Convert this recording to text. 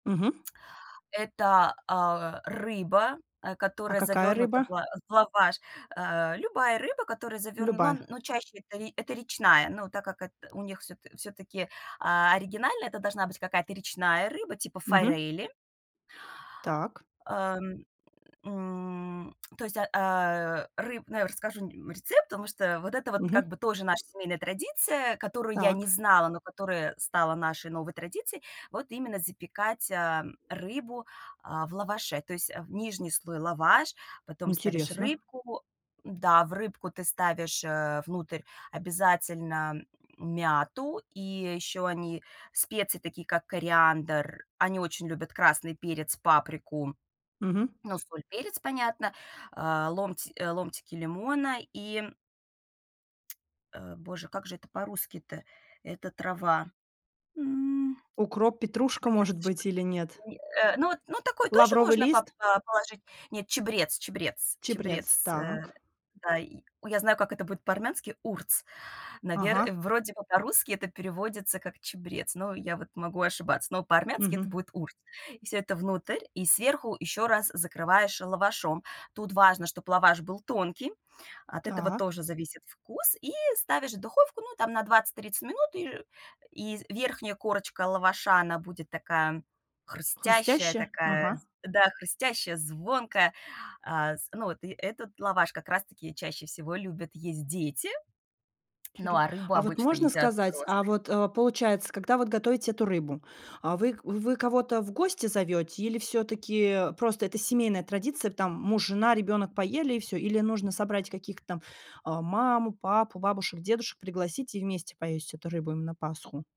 Мгм. Эта, а, рыба, э, А которая какая завернута в рыба? ла в лаваш. Э, любая рыба, которая заверн ну, Любая. но чаще это это речная, но так как эт у них всё всё-таки, а, оригинально это должна быть какая-то речная рыба типа Мгм. форели. Так. Эм, м, то есть, а а, ры ну, я расскажу р рецепт, потому что вот это вот как Мгм. бы тоже наша семейная традиция, которую я не Так. знала, но которая стала нашей новой традицией вот именно запекать, ам, рыбу, а, в лаваше, то есть в нижний слой лаваш, потом ставишь Интересно. рыбку М-да, в рыбку ты ставишь, э, внутрь обязательно мяту и ещё они специи такие как кориандр. Они очень любят красный перец, паприку, Мгм. ну, соль, перец, понятно, а, ломт ломтики лимона и э, боже, как же это по-русски то, эта трава. М, Укроп, петрушка, чабрец может что быть, или нет? ли, э, ну, вот, ну, такой тоже Лавровый можно поп лист? па положить. Нет, чабрец чабрец Чабрец, чабрец, э, так. да, и ой, я знаю, как это будет по-армянски- урц. Навер Ага. вроде бы по-русски это переводится как чабрец, но я вот могу ошибаться, но по-армянски это Мгм. будет урц. И всё это внутрь и сверху еще раз закрываешь лавашом. Тут важно, чтобы лаваш был тонкий, от этого Так. тоже зависит вкус, и ставишь в духовку, ну, там на 20-30 минут и и з верхняя корочка лаваша, она будет такая хрустящая, Хрустящая? такая Ага. з да, хрустящая, звонкая, а, з ну, вот и этот лаваш как раз таки чаще всего любят есть дети, ну, Тюрю, а рыбу а вот обычно можно едят сказать, а, взрослые. вот, э, получается, когда вот готовите эту рыбу, а, вы вы кого-то в гости зовете? Или всё-таки просто это семейная традиция, там муж, жена, ребенок поели и всё? Или нужно собрать каких-то там, а, маму, папу, бабушек, дедушек пригласить и вместе поесть эту рыбу им на Пасху?